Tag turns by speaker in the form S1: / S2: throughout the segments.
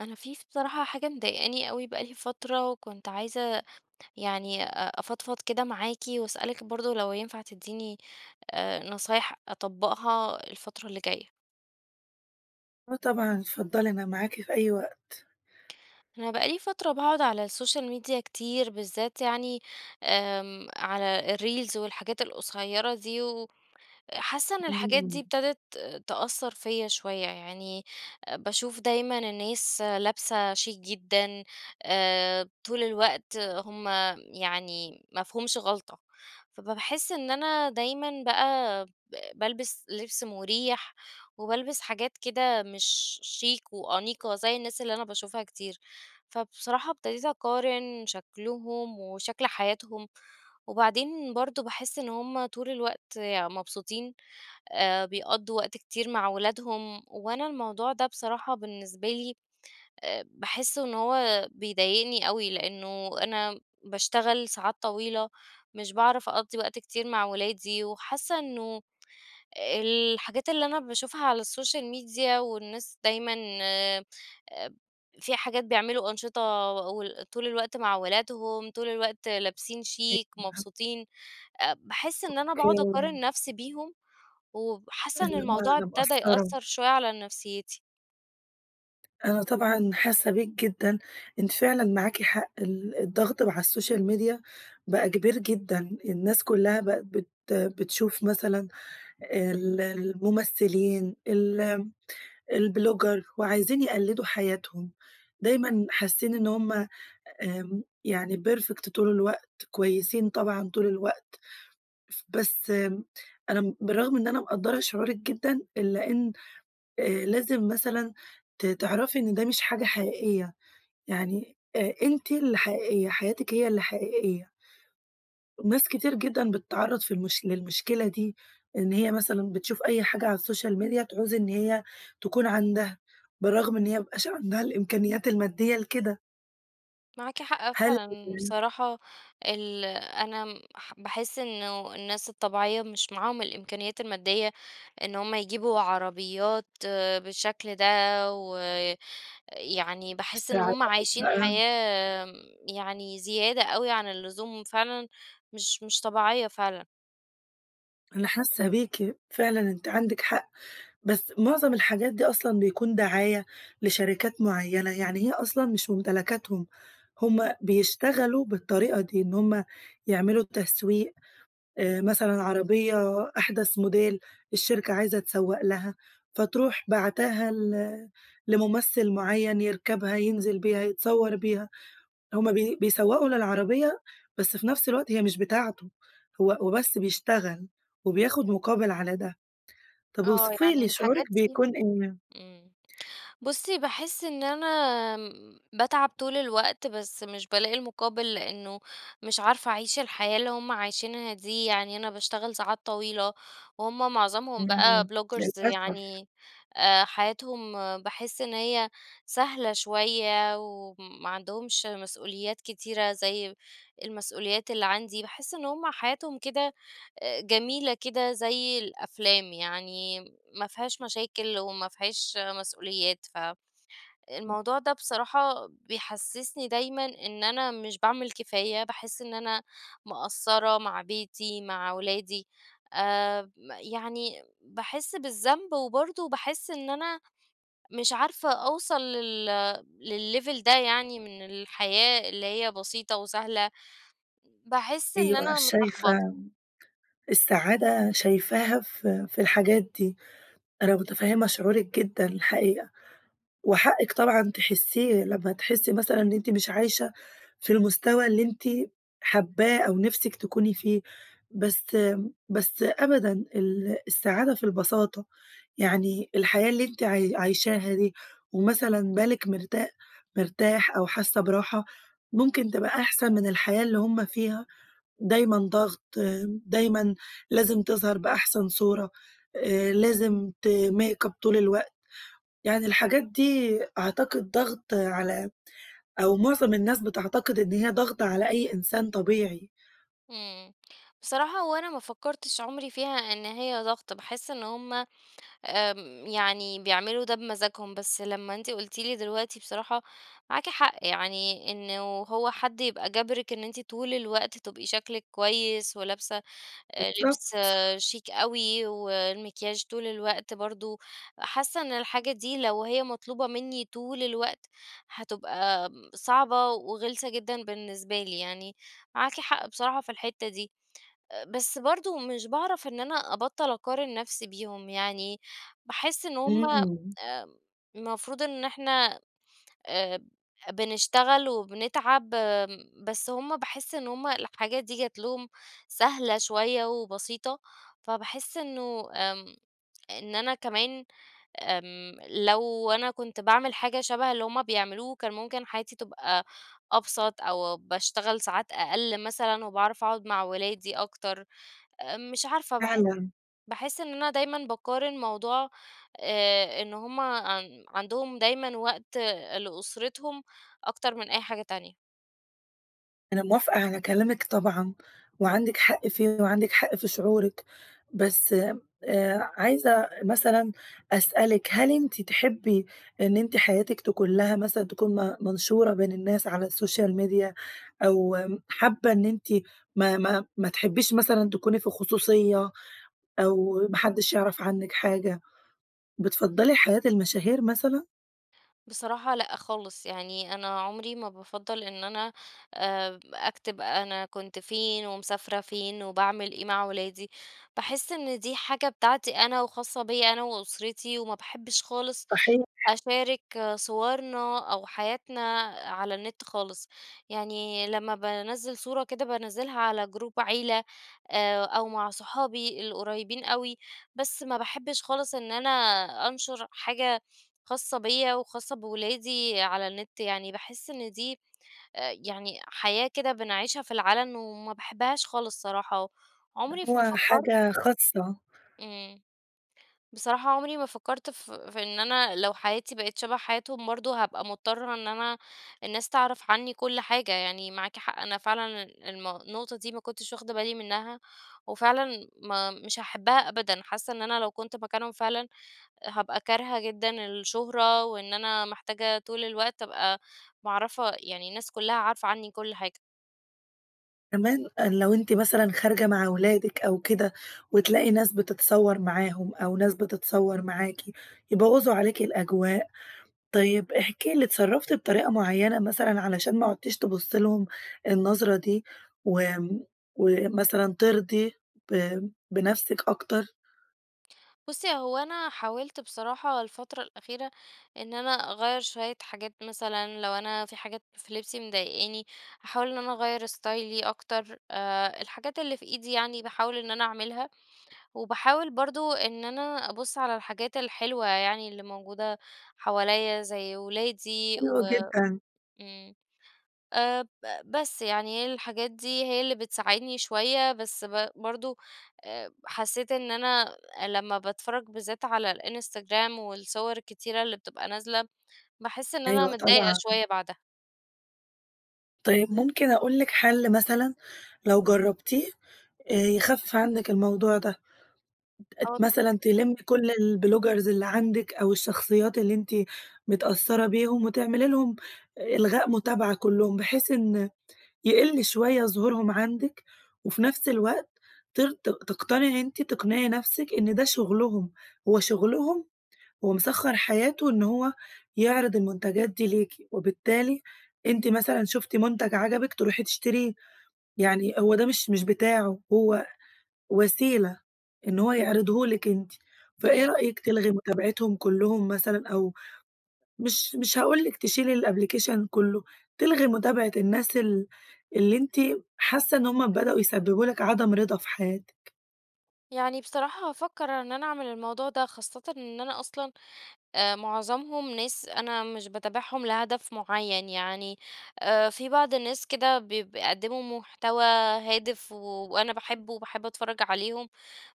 S1: أنا في ف بصراحة حاجة مضايقاني أوي بقى لي فترة، وكنت عايزة يعني أ أفضفض كده معاكِ، وأسألِك برضه لو ينفع تديني آآ، نصايح أطبَّقها الفترة اللي جاية.
S2: آه طبعًا، اتفضلي، أنا معاكِ في أي وقت.
S1: أنا بقى لي فترة باقعد على السوشيال ميديا كتير بالذات يعني آمم، على الreels والحاجات القصيَّرة دي، وحاسة إن الحاجات دي
S2: امم.
S1: ابتدت تأثر فيَّ شوية، يعني باشوف دايمًا الناس لابسة شيك جدًا، آآ، طول الوقت هم يعني ما فيهُمش غلطة، فب باحس إن أنا دايمًا بقى ب بالبس لبس مريح، وبالبس حاجات كده مش شيك وأنيقة زي الناس اللي أنا باشوفها كتير. فبصراحة ابتديت أقارن شكلهم وشكل حياتهم، وبعدين برضه باحس إن هم طول الوقت يعني مبسوطين، آآ، بيقضُّوا وقت كتير مع ولادهم، وأنا الموضوع ده بصراحة بالنسبة لي آآ، باحس إن هو بيضايقني أوي، لأنه أنا باشتغل ساعات طويلة، مش باعرف أقضِّي وقت كتير مع ولادي، وحاسة إنه الحاجات اللي أنا باشوفها على السوشيال ميديا والناس دايمًا آآ، في حاجات، بيعملوا أنشطة و وطول الوقت مع ولادهم، طول الوقت لابسين
S2: أيوه
S1: شيك،
S2: أنا عارفة.
S1: مبسوطين. آآ، باحس إن أنا باقعد
S2: أوكي.
S1: أقارن نفسي بيهم، وحاسة إن
S2: اللي هو
S1: الموضوع
S2: أنا
S1: ابتدى
S2: مقصرة.
S1: يأثر شوية على نفسيتي.
S2: أنا طبعًا حاسّة بيك جدًا، أنتِ فعلًا معاكِ حق ال الضغط مع السوشيال ميديا بقى كبير جدًا، الناس كلّها بقِت بت بتشوف مثلًا ال الممثلين ال البلوجر وعايزين يقلّدوا حياتهم، دايمًا حاسّين إن هُم آمم يعني perfect طول الوقت، كويسين طبعًا طول الوقت. ف بس أنا بالرغم إن أنا مقدّرة شعورِك جدًا، إلّا إن آآ لازم مثلًا ت تعرَفي إن ده مش حاجة حقيقية، يعني أ أنتِ اللي حقيقية، حياتكِ هي اللي حقيقية. ناس كتير جدًا بتتعرّض في المش للمشكلة دي، إن هي مثلًا بتشوف أي حاجة على السوشيال ميديا تعوز إن هي تكُون عَندها بالرغم إن هي ما بيبقاش عَندها الإمكانيات المادّية لكده.
S1: معاكِ حق
S2: هل
S1: فعلًا،
S2: [unintelligible]
S1: بصراحة ال أنا باح باحس إنه الناس الطبيعية مش معاهم الإمكانيّات المادّية إن هُم يجيبوا عربيات آآ بالشكل ده، و يعني باحس إن هُم
S2: [unintelligible]
S1: عايشين
S2: بقى
S1: حياة يعني زيادة أوي عن اللزوم فعلًا مش مش طبيعية فعلًا.
S2: أنا حاسة بيكِ، فعلًا آنتِ عندِك حق، بس معظم الحاجات دي أصلًا بيكون دعاية لشركات معينة، يعني هي أصلًا مش ممتلكاتهم. هم بيشتغلوا بالطريقة دي، إن هم يعملوا التسويق آآ، مثلًا عربية أحدث موديل الشركة عايزة تسوّق لها، فتروح باعتاها ل لممثل مُعين يرْكبها، ينزل بيها، يتصور بيها، هم بي بيسوّقوا للعربية، بس في نفس الوقت هي مش بتاعته، هو هو بس بيشتغل وبياخد مقابل على ده. طب
S1: آه،
S2: أوصفي
S1: يعني
S2: لي شعورِك
S1: الحاجات دي
S2: بيكون إيه؟
S1: إمم، بصي باحس إن أنا امم، باتعب طول الوقت، بس مش بالاقي المقابل، لأنه مش عارفة أعيش الحياة اللي هم عايشينها دي، يعني أنا باشتغل ساعات طويلة، وهم معظمهم بقا
S2: إمم،
S1: بلوجرز
S2: للأسف.
S1: يعني آآ، حياتهم باحس إن هي سهلة شوية وما عندهمش مسؤوليات كتيرة زي المسؤوليات اللي عندي، باحس إن هم حياتهم كده آآ، جميلة كده زي الأفلام، يعني ما فيهاش مشاكل وما فيهاش مسؤوليات، ف
S2: إمم.
S1: الموضوع ده بصراحة بيحسسني دايمًا إن أنا مش باعمل كفاية، باحس إن أنا مقصرة مع بيتي، مع أولادي آمم، يعني باحس بالذنب، وبرضه باحس إن أنا مش عارفة أوصل لل لليفل ده يعني من الحياة اللي هي بسيطة وسهلة، باحس إن
S2: أيوه
S1: أنا متلخبطة.
S2: شايفة السعادة شايفاها في في الحاجات دي، أنا متفهمة شعورِك جدًا الحقيقة، وحقِك طبعًا تحسيه لما تحسي مثلًا إن إنتِ مش عايشة في المستوى اللي أنتِ حابّاه أو نِفسك تكوني فيه، بس بس أبدًا، ال السعادة في البساطة، يعني الحياة اللي أنتِ عاي عايشاها دي ومثلًا بالِك مرتا مرتاح أو حاسة براحة، ممكن تبقى أحسن من الحياة اللي هم فيها، دايمًا ضغط، دايمًا لازم تظهر بأحسن صورة آآ، لازم ت make up طول الوقت، يعني الحاجات دي أعتقد ضغط على أو معظم الناس بتعتقد إن هي ضغط على أي إنسان طبيعي.
S1: إمم، بصراحة هو أنا ما فكرتش عمري فيها إن هي ضغط، باحس إن هم، آمم يعني بيعملوا ده بمزاجهم، بس لما أنتِ قلتِ لي دلوقتي بصراحة معاكِ حق، يعني إنه هو حد يبقى جابرِك إن أنتِ طول الوقت تبقي شكلِك كويس، ولابسة آآ،
S2: بالضبط.
S1: لبس شيك أوي والمكياج طول الوقت برضه، حاسة إن الحاجة دي لو هي مطلوبة مني طول الوقت هتبقى صعبة وغلسة جدًا بالنسبة لي، يعني معاكِ حق بصراحة في الحتة دي. آآ، بس برضو مش باعرف إن أنا أبطل أقارن نفسي بيهم، يعني باحس إن هم
S2: إمم.
S1: آآ، المفروض إن إحنا آآ، بنشتغل وبنتعب آمم، بس هم باحس إن هم الحاجات دي جَت لهم سهلة شوية وبسيطة، فباحس إنه آمم، إن أنا كمان آمم، لو أنا كنت باعمل حاجة شبه اللي هم بيعملوه، كان ممكن حياتي تبقى أبسط أو باشتغل ساعات أقل مثلًا، وباعرف أقعد مع ولادي أكتر. آمم، مش عارفة باح
S2: فعلًا.
S1: باحس إن أنا دايمًا باقارن موضوع آآ، إن هم عن عندهم دايمًا وقت لأسرتهم أكتر من أي حاجة تانية.
S2: أنا موافقة على كلامِك طبعًا وعندِك حق فيه، وعندِك حق في شعورِِك. بس، آآ، عايزة مثلًا أسألِك هل أنتِ تحبِّي إن أنتِ حياتِك تكون لها مثلًا تكون م منشورة بين الناس على السوشيال ميديا؟ أو حابة إن أنتِ ما ما ما تحبّيش مثلًا تكوني في خصوصية أو ما حدش يعرف عنِك حاجة؟ بتفضّلي حياة المشاهير مثلًا؟
S1: بصراحة لأ خالص، يعني أنا عمري ما بافضِّل إن أنا آآ، أكتب أنا كنت فين ومسافرة فين وباعمل إيه مع ولادي. باحِس إن دي حاجة بتاعتي أنا وخاصة بيَّ أنا وأسرتي، وما باحبش خالص
S2: صحيح.
S1: أشارك صورنا أو حياتنا على النت خالص. يعني لمّا بانزِّل صورة كده، بانزِّلها على جروب عيلة، آآ، أو مع صحابي القريبين أوي. بس ما باحبش خالص إن أنا أنشر حاجة خاصة بيَّ وخاصة بولادي على النت. يعني باحِس إن دي آآ، يعني حياة كده بنعيشها في العلن، وما باحبهاش خالص صراحة، وعمري ما
S2: هو
S1: فكَّرت
S2: حاجة خاصة.
S1: إمم، بصراحة عمري ما فكَّرت ف في إن أنا لو حياتي بقت شبه حياتهم، برضه هابقى مضطرة إن أنا الناس تعرف عني كل حاجة. يعني معاكِ حق، أنا فعلًا المو النقطة دي ما كنتش واخدة بالي منها، وفعلًا ما مش هاحبها أبدًا. حاسة إن أنا لو كنت مكانهم فعلًا، هابقى كارهة جدًا الشهرة، وإن أنا محتاجة طول الوقت أبقى معرِّفة يعني الناس كلها عارفة عني كل حاجة.
S2: كمان آآ، لو أنتِ مثلًا خارجة مع ولادك أو كده وتلاقي ناس بتتصور معاهم أو ناس بتتصور معاكِ، يبوظوا عليكِ الأجواء. طيب، احكي لي اتصرفتِ بطريقة معينة مثلًا، علشان ما عدتيش تبصي لهم النظرة دي، وامم، ومثلًا ترضي ب بنفسك أكتر.
S1: بصي، هو أنا حاولت بصراحة الفترة الأخيرة، إن أنا أغير شوية حاجات مثلًا، لو أنا في حاجات في لبسي مضايقاني هاحاول إن أنا أغير ستايلي أكتر، آآ، الحاجات اللي في إيدي يعني باحاول إن أنا أعملها. وباحاول برضو إن أنا أبص على الحاجات الحلوة، يعني اللي موجودة حواليَّ زي ولادي،
S2: حلو
S1: و
S2: جدًا.
S1: امم، آآ، ب بس، يعني هي الحاجات دي هي اللي بتساعدني شوية، بس ب برضو، آآ، حسيت إن أنا لما باتفرج بالذات على الإنستجرام والصور الكتيرة اللي بتبقى نازلة، باحس إن أنا
S2: أيوه
S1: متضايقة
S2: طبعًا.
S1: شوية بعدها.
S2: طيب ممكن أقول لِك حل مثلًا، لو جربتيه، آآ، يخفف عنك الموضوع ده،
S1: آه،
S2: ت
S1: اتفضلي.
S2: مثلًا تلمِّي كل البلوجرز اللي عندك أو الشخصيات اللي أنتِ متأثرة بيهم وتعملي لهم إلغاء متابعة كلهم، بحيث إن يقل شوية ظهورهم عندك، وفي نفس الوقت تر ت تقتنعي أنتِ تقنعي نفسك إن ده شغلهم، هو شغلهم ومسخر حياته إن هو يعرض المنتجات دي ليكِ، وبالتالي أنتِ مثلًا شفتِ منتج عجبِك تروحي تشتريه، يعني هو ده مش مش بتاعه، هو وسيلة إن هو يعرضهُ لِك أنتِ. فإيه
S1: اهم.
S2: رأيك تلغي متابعتهم كلهم مثلًا أو مش مش هاقول لِك تشيلي الأبلكيشن كله، تلغي متابعة الناس ال اللي أنتِ حاسة إن هم بدأوا يسببوا لِك عدم رضا في حياتِك.
S1: يعني بصراحة هافكر إن أنا أعمل الموضوع ده، خاصةً إن أنا أَصْلًا آآ، معظمهم ناس أنا مش باتابعهم لهدف معين، يعني آآ، في بعض الناس كده ب بيقدموا محتوى هادف وأنا باحبه وباحب أتفرج عليهم،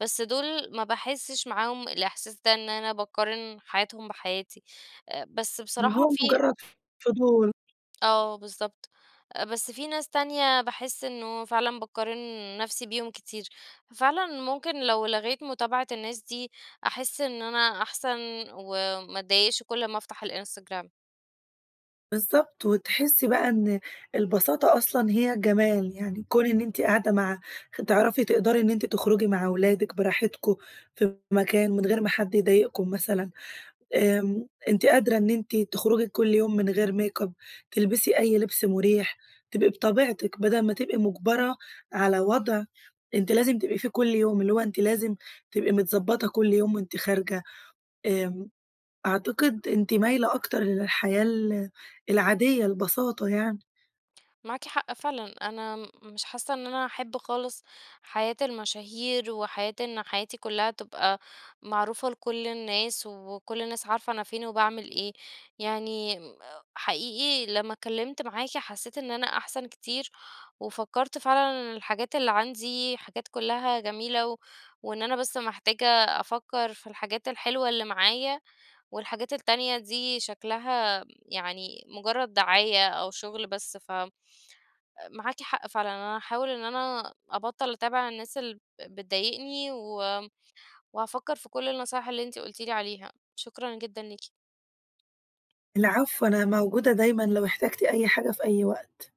S1: بس دول ما باحسش معاهم الإحساس ده إن أنا باقارن حياتهم بحياتي، بس
S2: اللي
S1: بصراحة
S2: هو
S1: في
S2: مجرد ف فضول.
S1: آه بالضبط، بس في ناس تانية باحس إنه فعلًا باقارن نفسي بيهم كتير، ففعلًا ممكن لو لغيت متابعة الناس دي أحس إن أنا أحسن، وما أتضايقش كل ما أفتح الإنستجرام.
S2: بالضبط، وتحسي بقى إن البساطة أَصْلًا هي جمال، يعني كون إن أنتِ قاعدة مع تعرفي تِقدري إن أنت تخرجي مع أَوْلادِك بِراحْتِكم، في مكان من غير ما حد يضايقكم مثلًا، آمم، أنتِ قادرة إن أنتِ تخْرُجِي كل يوم من غير ميك أب تلبسي أي لبس مريح، تبقي بِطَبِيعْتِك بدل ما تبقي مُجْبَرَة على وضع أنتِ لازم تبقي فيه كل يوم، اللي هو أنتِ لازم تبقي متظبطة كل يوم وأنتِ خارجة آمم، أعتقد أنتِ مايلة أكتر للحياة ال العادية البساطة يَعْنِي.
S1: مَعَاكِ حَقّ فِعْلًا، أنا م مِش حاسَّة إن أنا هاحب خالِص حَياة المَشاهير وحياة إن حياتي كلها تبقى معروفة لكل الناس وكل الناس عارفة أنا فين وباعمل إيه. يَعْنِي حَقِيقِي لَمّا اتْكَلِّمْت مَعَاكِ حسيت إن أنا أحسن كتير، وفكرت فعلًا الحاجات اللي عندي حاجات كلها جميلة، و وإن أنا بس محتاجة أفكر في الحاجات الحلوة اللي معايا، والحاجات التانية دي شكلها يعني مجرد دعاية أو شغل بس، ف مَعَاكِ حَقّ فِعْلًا أنا هاحاول إن أنا أبطل أتابع الناس اللي بتضايقني، و وهافكر في كل النصايح اللي أنتِ قلتِ لي عليها، شكرًا جدًا ليكِ.
S2: العفو، أنا موجودة دايمًا لو احتجتِ أي حاجة في أي وقت.